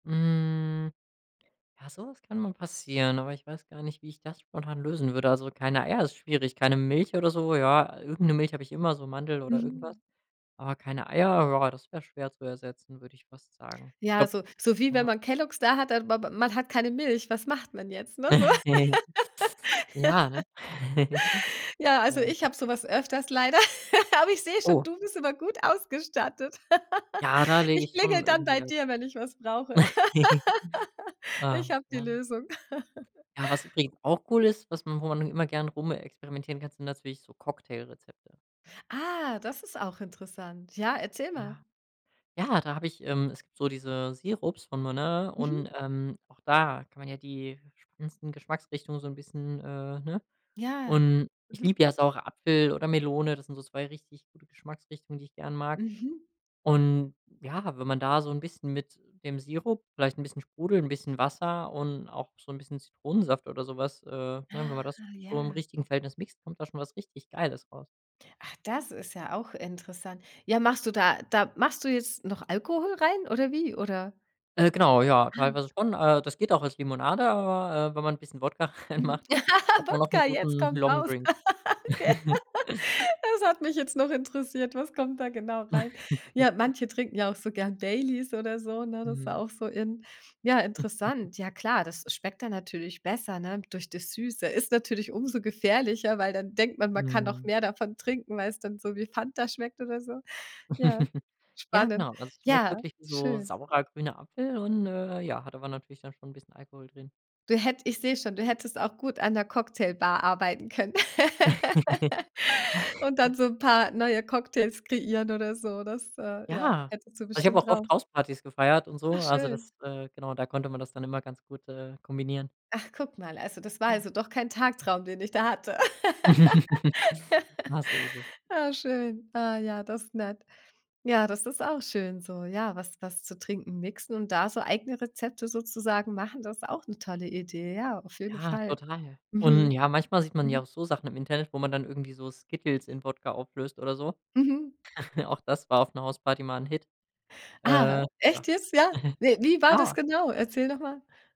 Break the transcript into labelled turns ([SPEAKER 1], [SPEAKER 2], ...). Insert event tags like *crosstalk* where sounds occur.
[SPEAKER 1] Hm. Ja, so was kann mal passieren, aber ich weiß gar nicht, wie ich das spontan lösen würde, also, keine Eier ist schwierig, keine Milch oder so, ja, irgend 'ne Milch habe ich immer, so Mandel oder irgendwas,
[SPEAKER 2] Mhm.
[SPEAKER 1] aber keine Eier, ja, das wäre schwer zu ersetzen, würde ich fast sagen. Ich
[SPEAKER 2] Ja,
[SPEAKER 1] glaube
[SPEAKER 2] so so wie wenn
[SPEAKER 1] ja.
[SPEAKER 2] man Kellogs da hat, aber b man hat keine Milch. Was macht man jetzt, ne, so?
[SPEAKER 1] *chuckles* Ja, ne?
[SPEAKER 2] *laughs*
[SPEAKER 1] *chuckles*
[SPEAKER 2] Ja, also
[SPEAKER 1] Ähm.
[SPEAKER 2] ich habe so was öfters leider, *laughs* aber ich sehe schon,
[SPEAKER 1] Oh.
[SPEAKER 2] du bist immer gut ausgestattet. *laughs*
[SPEAKER 1] Ja, da lege
[SPEAKER 2] Ich
[SPEAKER 1] ich schon
[SPEAKER 2] klingel dann
[SPEAKER 1] irgendwie
[SPEAKER 2] bei
[SPEAKER 1] halt
[SPEAKER 2] dir, wenn ich was brauche,
[SPEAKER 1] *chuckles*
[SPEAKER 2] *laughs*
[SPEAKER 1] äh,
[SPEAKER 2] ich habe die
[SPEAKER 1] ja.
[SPEAKER 2] Lösung. *laughs*
[SPEAKER 1] Ja, was übrigens auch cool ist, was man wo man immer gerne rumexperimentieren kann, sind natürlich so Cocktailrezepte, ne?
[SPEAKER 2] Ah, das ist auch interessant, ja, erzähl mal.
[SPEAKER 1] Ja. Ja, da habe ich ähm, es gibt so diese Sirups von Monin und,
[SPEAKER 2] Mhm.
[SPEAKER 1] ähm, auch da kann man ja die spannendsten Geschmacksrichtungen so 'n bisschen äh, ne,
[SPEAKER 2] Ja.
[SPEAKER 1] und ich
[SPEAKER 2] Mhm.
[SPEAKER 1] liebe ja Saure-Apfel oder Melone, das sind so 2 richtig gute Geschmacksrichtungen, die ich gerne mag,
[SPEAKER 2] Mhm.
[SPEAKER 1] und, ja, wenn man da so 'n bisschen mit dem Sirup vielleicht ’n bisschen Sprudel, ’n bisschen Wasser und auch so 'n bisschen Zitronensaft oder so was, äh, ne, wenn man
[SPEAKER 2] Ah,
[SPEAKER 1] das so im
[SPEAKER 2] ja.
[SPEAKER 1] richtigen Verhältnis mixt, kommt da schon was richtig Geiles raus.
[SPEAKER 2] Ach, das ist ja auch interessant. Ja, machst du da da machst du jetzt noch Alkohol rein oder wie, oder?
[SPEAKER 1] Äh, genau, ja,
[SPEAKER 2] Ah.
[SPEAKER 1] teilweise schon, äh, das geht auch als Limonade, aber, äh, wenn man ’n bisschen Wodka
[SPEAKER 2] Mhm.
[SPEAKER 1] reinmacht, hat
[SPEAKER 2] *laughs*
[SPEAKER 1] man auch ’n
[SPEAKER 2] Wodka, jetzt
[SPEAKER 1] guten
[SPEAKER 2] kommt’s raus,
[SPEAKER 1] Longdrink.
[SPEAKER 2] *laughs* gell,
[SPEAKER 1] *giggles*
[SPEAKER 2] das hat mich jetzt noch interessiert, was kommt da genau rein? Ja,
[SPEAKER 1] *chuckles*
[SPEAKER 2] manche trinken ja auch so gern Baileys oder so, ne, das war
[SPEAKER 1] Mhm.
[SPEAKER 2] auch so in, ja,
[SPEAKER 1] *chuckles*
[SPEAKER 2] interessant, ja, klar, das schmeckt dann natürlich besser, ne, durch das Süße ist natürlich umso gefährlicher, weil dann denkt man, man kann noch
[SPEAKER 1] Mhm.
[SPEAKER 2] mehr davon trinken, weil es dann so wie Fanta schmeckt oder so, ja,
[SPEAKER 1] *chuckles* Ja,
[SPEAKER 2] spannend,
[SPEAKER 1] genau, also es schmeckt
[SPEAKER 2] ja,
[SPEAKER 1] wirklich wie so
[SPEAKER 2] schön.
[SPEAKER 1] saurer, grüner Apfel und, äh, ja, hat aber natürlich dann schon ’n bisschen Alkohol drin.
[SPEAKER 2] Du hätt ich sehe schon, du hättest auch gut an 'ner Cocktailbar arbeiten können *laughs* und
[SPEAKER 1] *chuckles*
[SPEAKER 2] dann so 'n paar neue Cocktails kreieren oder so, das, äh, ja,
[SPEAKER 1] Ja,
[SPEAKER 2] hättest du
[SPEAKER 1] also ich habe
[SPEAKER 2] bestimmt
[SPEAKER 1] auch oft
[SPEAKER 2] drauf.
[SPEAKER 1] Hauspartys gefeiert und
[SPEAKER 2] Ach,
[SPEAKER 1] so, also
[SPEAKER 2] schön.
[SPEAKER 1] das äh, genau, da konnte man das dann immer ganz gut, äh, kombinieren.
[SPEAKER 2] Ach, guck mal, also das war also doch kein Tagtraum, den ich da hatte,
[SPEAKER 1] *chuckles* Ja, so ist es.
[SPEAKER 2] *laughs* ah, schön, ah, ja, das ist nett, ja, das ist auch schön so, ja, was was zu Trinken mixen und da so eigene Rezepte sozusagen machen, das ist auch 'ne tolle Idee, ja, auf jeden
[SPEAKER 1] Ja,
[SPEAKER 2] Fall.
[SPEAKER 1] total und,
[SPEAKER 2] Mhm.
[SPEAKER 1] ja, manchmal sieht man ja
[SPEAKER 2] Mhm.
[SPEAKER 1] auch so Sachen im Internet, wo man dann irgendwie so Skittles in Wodka auflöst oder so,
[SPEAKER 2] Mhm.
[SPEAKER 1] *chuckles* auch das war auf ’ner Hausparty mal 'n Hit,
[SPEAKER 2] Ah,
[SPEAKER 1] äh, ja.
[SPEAKER 2] echt jetzt? Ja?
[SPEAKER 1] *chuckles*
[SPEAKER 2] Ne, wie war das
[SPEAKER 1] Ja.
[SPEAKER 2] genau? Erzähl nochmal.